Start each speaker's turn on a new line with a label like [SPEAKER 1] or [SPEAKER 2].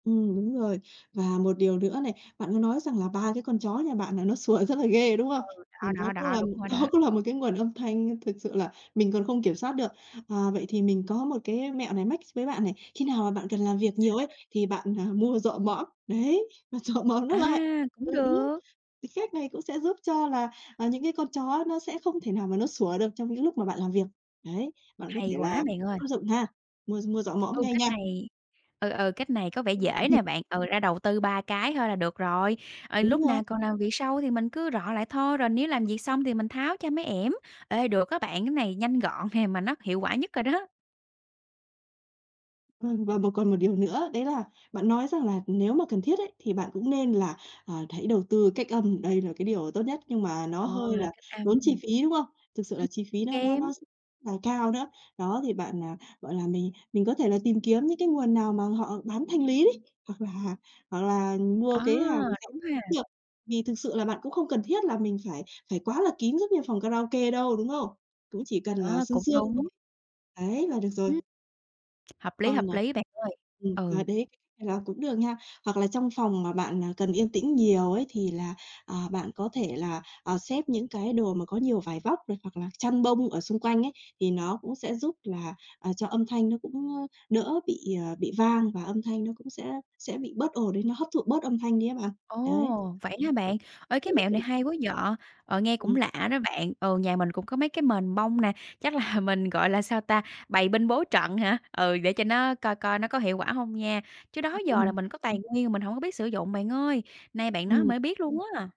[SPEAKER 1] Ừm, đúng rồi. Và một điều nữa này, bạn có nói rằng là 3 cái con chó nhà bạn là nó sủa rất là ghê, đúng không?
[SPEAKER 2] Ừ,
[SPEAKER 1] Thì
[SPEAKER 2] đó,
[SPEAKER 1] nó
[SPEAKER 2] đó,
[SPEAKER 1] cũng
[SPEAKER 2] đó,
[SPEAKER 1] là
[SPEAKER 2] đúng rồi
[SPEAKER 1] nó
[SPEAKER 2] đó.
[SPEAKER 1] cũng là một cái nguồn âm thanh thực sự là mình còn không kiểm soát được. À, vậy thì mình có một cái mẹo này mách s với bạn này, khi nào mà bạn cần làm việc
[SPEAKER 2] Sao,
[SPEAKER 1] nhiều ấy,
[SPEAKER 2] sao?
[SPEAKER 1] thì bạn, à, mua rọ mõm, đấy, và rọ mõm nó
[SPEAKER 2] À,
[SPEAKER 1] lại. Ừ,
[SPEAKER 2] cũng
[SPEAKER 1] đó,
[SPEAKER 2] được.
[SPEAKER 1] thì cách này cũng sẽ giúp cho là, à, những cái con chó nó sẽ không thể nào mà nó sủa được trong những lúc mà bạn làm việc. Đấy, bạn có
[SPEAKER 2] Hay
[SPEAKER 1] thể là
[SPEAKER 2] quá bạn ơi!
[SPEAKER 1] áp dụng ha, mua r mua rọ mõm
[SPEAKER 2] Ừ,
[SPEAKER 1] ngay
[SPEAKER 2] cách
[SPEAKER 1] nha.
[SPEAKER 2] này ừ, ừ cách này có vẻ dễ nè bạn, ừ, ra đầu tư 3 cái thôi là được rồi. Ờ,
[SPEAKER 1] Đúng
[SPEAKER 2] lúc
[SPEAKER 1] rồi.
[SPEAKER 2] nào còn làm việc sau thì mình cứ rọ lại thôi, rồi nếu làm việc xong thì mình tháo cho mấy ẻm. Ê, được á bạn, cái này nhanh gọn nè, mà nó hiệu quả nhất rồi đó.
[SPEAKER 1] Vâng, và một còn một điều nữa, đấy là bạn nói rằng là nếu mà cần thiết ấy thì bạn cũng nên là, ờ, hãy đầu tư cách âm, đây là cái điều tốt nhất, nhưng mà nó
[SPEAKER 2] Ồ,
[SPEAKER 1] hơi
[SPEAKER 2] là
[SPEAKER 1] là
[SPEAKER 2] cách âm,
[SPEAKER 1] tốn chi
[SPEAKER 2] ừm.
[SPEAKER 1] phí, đúng không? Thực sự
[SPEAKER 2] Ừm,
[SPEAKER 1] là chi phí nó nó
[SPEAKER 2] kém.
[SPEAKER 1] nó rất là cao nữa. Đó, thì bạn, à, gọi là, mình mình có thể là tìm kiếm những cái nguồn nào mà họ bán thanh lý đấy, hoặc là hoặc là mua
[SPEAKER 2] À,
[SPEAKER 1] cái hàng rẻ
[SPEAKER 2] đúng ha.
[SPEAKER 1] được. Vì thực sự là bạn cũng không cần thiết là mình phải phải quá là kín giống như phòng karaoke đâu, đúng không? Cũng chỉ cần là
[SPEAKER 2] Ơ,
[SPEAKER 1] sương
[SPEAKER 2] cũng
[SPEAKER 1] sương thôi.
[SPEAKER 2] đúng.
[SPEAKER 1] Đấy, là được rồi.
[SPEAKER 2] Ừm. Hợp lý,
[SPEAKER 1] Còn,
[SPEAKER 2] hợp
[SPEAKER 1] à
[SPEAKER 2] lý bạn ơi,
[SPEAKER 1] ừm, à,
[SPEAKER 2] ừ.
[SPEAKER 1] đấy, là cũng được nha. Hoặc là trong phòng mà bạn, à, cần yên tĩnh nhiều ấy thì là, ờ, bạn có thể là, ờ, xếp những cái đồ mà có nhiều vải vóc này, hoặc là chăn bông ở xung quanh ấy, thì nó cũng sẽ giúp là, ờ, cho âm thanh nó cũng, ơ, đỡ bị, ờ, bị vang và âm thanh nó cũng sẽ sẽ bị bớt ồn đi, nó hấp thụ bớt âm thanh đi á bạn. Đấy.
[SPEAKER 2] Ồ, vậy hả bạn? Ê,
[SPEAKER 1] Thử
[SPEAKER 2] cái
[SPEAKER 1] áp
[SPEAKER 2] mẹo
[SPEAKER 1] dụng.
[SPEAKER 2] này hay quá vậy! Ờ, nghe cũng
[SPEAKER 1] Ừm.
[SPEAKER 2] lạ đó bạn, ừ, nhà mình cũng có mấy cái mền bông nè, chắc là mình, gọi là, sao ta, bày binh bố trận hả? Ừ, để cho nó coi coi nó có hiệu quả hông nha, chứ đó giờ là
[SPEAKER 1] Ừm.
[SPEAKER 2] mình có tài nguyên mà mình hổng có biết sử dụng bạn ơi, nay bạn nói
[SPEAKER 1] Ừm.
[SPEAKER 2] mới biết luôn á.